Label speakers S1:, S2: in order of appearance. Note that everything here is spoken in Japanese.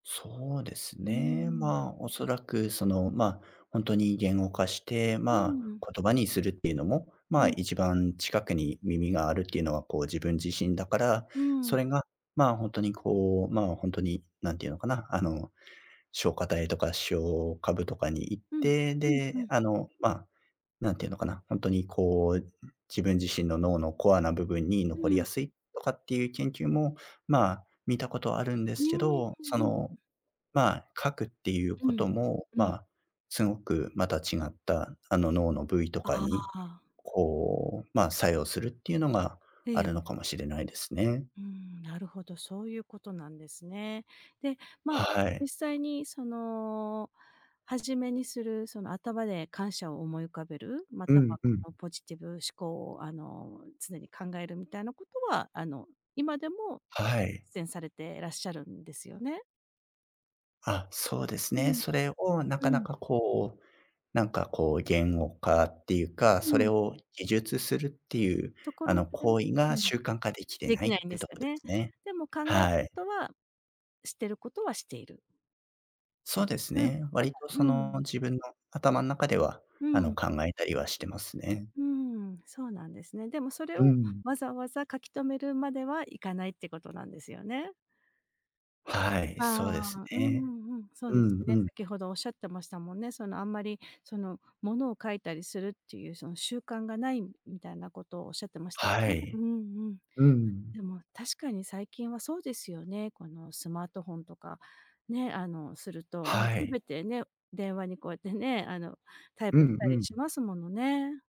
S1: そうです
S2: うー
S1: ね。
S2: ん。
S1: ま、お
S2: ん。
S1: そらく、その、ま、ほんとに言語化して、
S2: うん
S1: ま、
S2: うんうん。
S1: 言葉にするっていうのも、
S2: う
S1: ま、
S2: ん。
S1: 一番近くに耳があるっていうのは、こう、自分自身だから、
S2: うんう
S1: そ
S2: ん。
S1: れが、ま、ほんとにこう、ま、ほんとに何て言うのかな、あの、松果体とか視床下部とかに行っ
S2: うん、う
S1: て、
S2: ん、う
S1: で、
S2: ん。
S1: あの、ま、何て言うのかな、ほんとにこう、自分自身の脳のコアな部分に
S2: う
S1: 残り
S2: ん。
S1: やすいとかっていう研究も、ま、見たことあるんで
S2: うー
S1: すけ
S2: ん、う
S1: ど、そ
S2: んうん。
S1: の、ま、書くっていう
S2: う
S1: こ
S2: ん、
S1: とも、
S2: うん。
S1: ま、すごくまた違った、あの、脳の部位と
S2: あ
S1: か
S2: あ
S1: に、
S2: あ。
S1: こう、ま、作用するっていうのが
S2: え
S1: あ
S2: え。
S1: るのかもしれないですね。
S2: うん、なるほど。そういうことなんですね。で、ま、
S1: はい。
S2: 実際にその、初めにするその頭で感謝を思い浮かべる、ま
S1: う
S2: た
S1: ん、
S2: は
S1: う
S2: こ
S1: ん。
S2: のポジティブ思考を、あの、常に考えるみたいなことは、あの、今でも
S1: はい。
S2: 実践されてらっしゃるんですよね。
S1: あ、そうです
S2: う
S1: ね。
S2: ん。
S1: それをな
S2: う
S1: かな
S2: ん。
S1: かこう、なんかこう言語化っていうか、そ
S2: う
S1: れ
S2: ん。
S1: を記述するっていう、
S2: とこ
S1: あ
S2: ろま
S1: の、
S2: でも
S1: 行為
S2: う
S1: が
S2: ん、
S1: 習慣化できて
S2: で
S1: な
S2: き
S1: いっ
S2: ないんで
S1: て
S2: す
S1: と
S2: よ
S1: こで
S2: ね。
S1: すね。
S2: でも考えるこ
S1: はい。
S2: とは、してることはしている。で
S1: そう
S2: す。
S1: です
S2: うん、
S1: ね。
S2: ただ
S1: 割と
S2: う
S1: そ
S2: んう
S1: の、
S2: ん。
S1: 自分の頭ん中では、
S2: う
S1: あの、
S2: ん。
S1: 考えたりはしてますね。
S2: うんうんうん、そうなんですね。でもそれ
S1: う
S2: を
S1: ん。
S2: わざわざ書き留めるまではいかないってことなんですよね。
S1: はい、
S2: あ
S1: そうです
S2: あ、うん
S1: ね。
S2: うんうん。そう
S1: う
S2: です
S1: んう
S2: ね。
S1: ん。
S2: 先ほどおっしゃってましたもんね。その、あんまりそのものを書いたりするっていうその、習慣がないみたいなことをおっしゃってましたよ
S1: は
S2: ね。う
S1: い。
S2: んうん。
S1: うん。
S2: でも確かに最近はそうですよね、このスマートフォンとかね、あの、すると、
S1: はい。
S2: 全てね、電話にこうやってね、あの、タイ
S1: う
S2: プし
S1: ん
S2: た
S1: う
S2: りし
S1: ん。
S2: ますものね。